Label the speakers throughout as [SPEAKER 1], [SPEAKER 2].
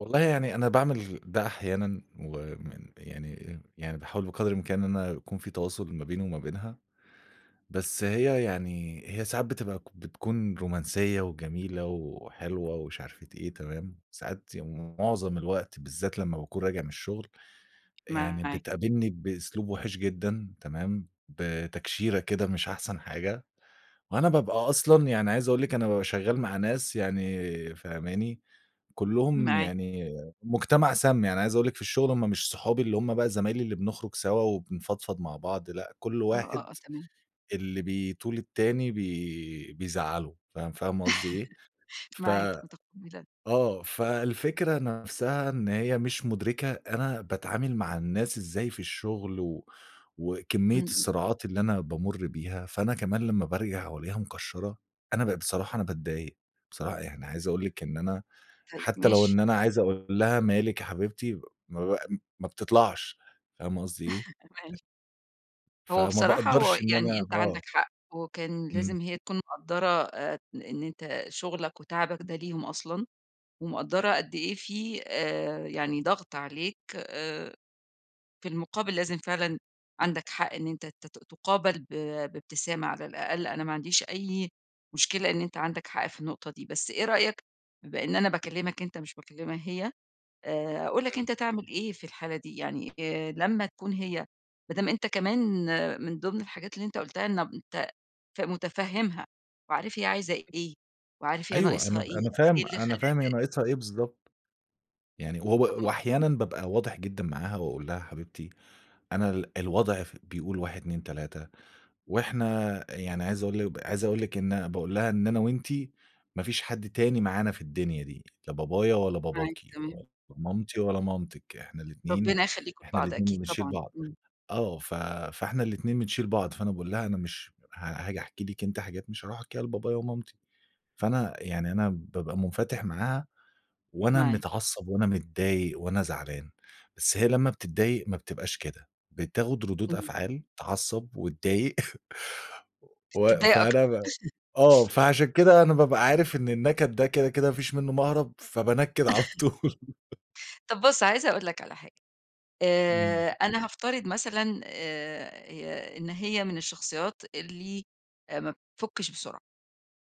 [SPEAKER 1] والله يعني أنا باعمل ده أحيانًا ومن يعني يعني باحاول بقدر الإمكان إن أنا يكون في تواصل ما بيني وما بينها، بس هي يعني هي ساعات بتبقى بتكون رومانسية وجميلة وحلوة ومش عارفة إيه تمام، ساعات يعني مُعظم الوقت بالذات لمّا باكون راجع من الشُغل، يعني
[SPEAKER 2] معاك.
[SPEAKER 1] بتقابلني بأسلوب وِحِش جدًا تمام، بتكشيرة كده مش أحسن حاجة، وأنا بابقى أصلًا يعني عايز أقول لِك أنا بابقى شغّال مع ناس يعني فاهماني، كُلّهم
[SPEAKER 2] معاك.
[SPEAKER 1] يعني مُجتمع سام. يعني عايز أقول لِك في الشُغل هم مش صحابي اللي هم بقى زمايلي اللي بنخرُج سوا وبنفضفض مع بعض لأ، كل
[SPEAKER 2] آه،
[SPEAKER 1] واحد
[SPEAKER 2] آه، آه، تمام.
[SPEAKER 1] اللي بيطول التاني بي بيزعّله فاهم فاهمة قصدي إيه؟ ف
[SPEAKER 2] معاك مُتقبِّلة
[SPEAKER 1] آه. فالفكرة نَفسها إن هي مش مُدرِكة أنا باتعامل مع الناس إزاي في الشُغل و وكمية
[SPEAKER 2] إمم، إمم.
[SPEAKER 1] الصراعات اللي أنا بامُر بيها، فأنا كمان لمّا بارجع وألاقيها مكشَّرة، أنا بقيت بصراحة أنا باتضايق، بصراحة يعني عايز أقول لِك إن أنا
[SPEAKER 2] طيب
[SPEAKER 1] حتّى لو
[SPEAKER 2] ماشي.
[SPEAKER 1] إن أنا عايز أقول لها: "مالِك يا حبيبتي؟" ما ب ام ما بتطلعش فاهمة قصدي إيه؟
[SPEAKER 2] ماشي. هو
[SPEAKER 1] فما
[SPEAKER 2] بصراحة هو
[SPEAKER 1] باقدرش إن
[SPEAKER 2] يعني
[SPEAKER 1] أنا
[SPEAKER 2] أنت عندك
[SPEAKER 1] آه.
[SPEAKER 2] حق وكان
[SPEAKER 1] إمم.
[SPEAKER 2] لازم هي تكون مقدَّرة آآ إن أنت شُغلك وتعبك ده ليهم أصلًا، ومقدَّرة قد إيه في آآ يعني ضغط عليك، آآ في المُقابل لازم فعلًا عندك حق إن أنت ت ت تُقابَل ب بابتسامة على الأقل. أنا ما عنديش أي مشكلة إن أنت عندك حق في النقطة دي، بس إيه رأيك بما إن أنا باكلّمك أنت مش باكلّمها هي، آآ أقول لك
[SPEAKER 1] إمم.
[SPEAKER 2] أنت تعمل إيه في الحالة دي؟ يعني آآ لمّا تكون هي ما دام أنت كمان من ضِمن الحاجات اللي أنت قُلتها إنب أنت ف مُتفهِّمها وعارف هي عايزة إيه، وعارف هي
[SPEAKER 1] أيوه. أنا
[SPEAKER 2] ناقصها
[SPEAKER 1] ب
[SPEAKER 2] إيه
[SPEAKER 1] أنا
[SPEAKER 2] أو إيه
[SPEAKER 1] فاهم
[SPEAKER 2] اللي
[SPEAKER 1] أنا فاهم هي
[SPEAKER 2] خلّاها ت
[SPEAKER 1] ناقصها إيه بالضبط. يعني
[SPEAKER 2] طب
[SPEAKER 1] هو
[SPEAKER 2] م م
[SPEAKER 1] وأحيانًا بابقى واضح جدًا معاها وأقول لها: "يا حبيبتي أنا ال الوضع ف بيقول 1، 2، 3 وإحنا" يعني عايز أقول لِك ب عايز أقول لِك إن باقول لها: "إن أنا وأنتِ ما فيش حد تاني معانا في الدنيا دي، لا بابايا ولا
[SPEAKER 2] معاك
[SPEAKER 1] باباكِ،
[SPEAKER 2] تمام.
[SPEAKER 1] لا مامتي ولا مامتِك، إحنا الاتنين
[SPEAKER 2] ربِّنا يخلّيكم
[SPEAKER 1] إحنا
[SPEAKER 2] لبعض،
[SPEAKER 1] الاتنين
[SPEAKER 2] أكيد
[SPEAKER 1] اللي بنشيل
[SPEAKER 2] طبعًا،
[SPEAKER 1] بعض."
[SPEAKER 2] إمم.
[SPEAKER 1] آه. ف فإحنا الاتنين بنشيل بعض، فأنا باقول لها: "أنا مش ها هاجي أحكي لِك أنتِ حاجات مش هاروح أحكيها لبابايا ومامتي." فأنا يعني أنا بابقى مُنفَتِح معاها وأنا
[SPEAKER 2] معاك.
[SPEAKER 1] متعصّب وأنا متضايق وأنا زعلان، بس هي لمّا بتضّايق ما بتبقاش كده، بتاخُد ردود
[SPEAKER 2] إمم.
[SPEAKER 1] أفعال تعّصب وتضايق. و و
[SPEAKER 2] تتضايق أكتر.
[SPEAKER 1] فأنا آه. فعشان كده أنا بابقى عارف إن النَكَد ده كده، كده ما فيش منّه مَهرَب، فبانَكِّد على طول.
[SPEAKER 2] طَب بُص، عايزة أقول لك على حاجة،
[SPEAKER 1] إمم.
[SPEAKER 2] آآ أنا هافترض مثلًا آآ إن هي من الشخصيات اللي ما بتفُكِّش بسرعة،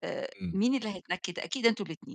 [SPEAKER 2] آآ
[SPEAKER 1] إمم.
[SPEAKER 2] مين اللي هيتنكِّد؟ أكيد أنتم الاتنين.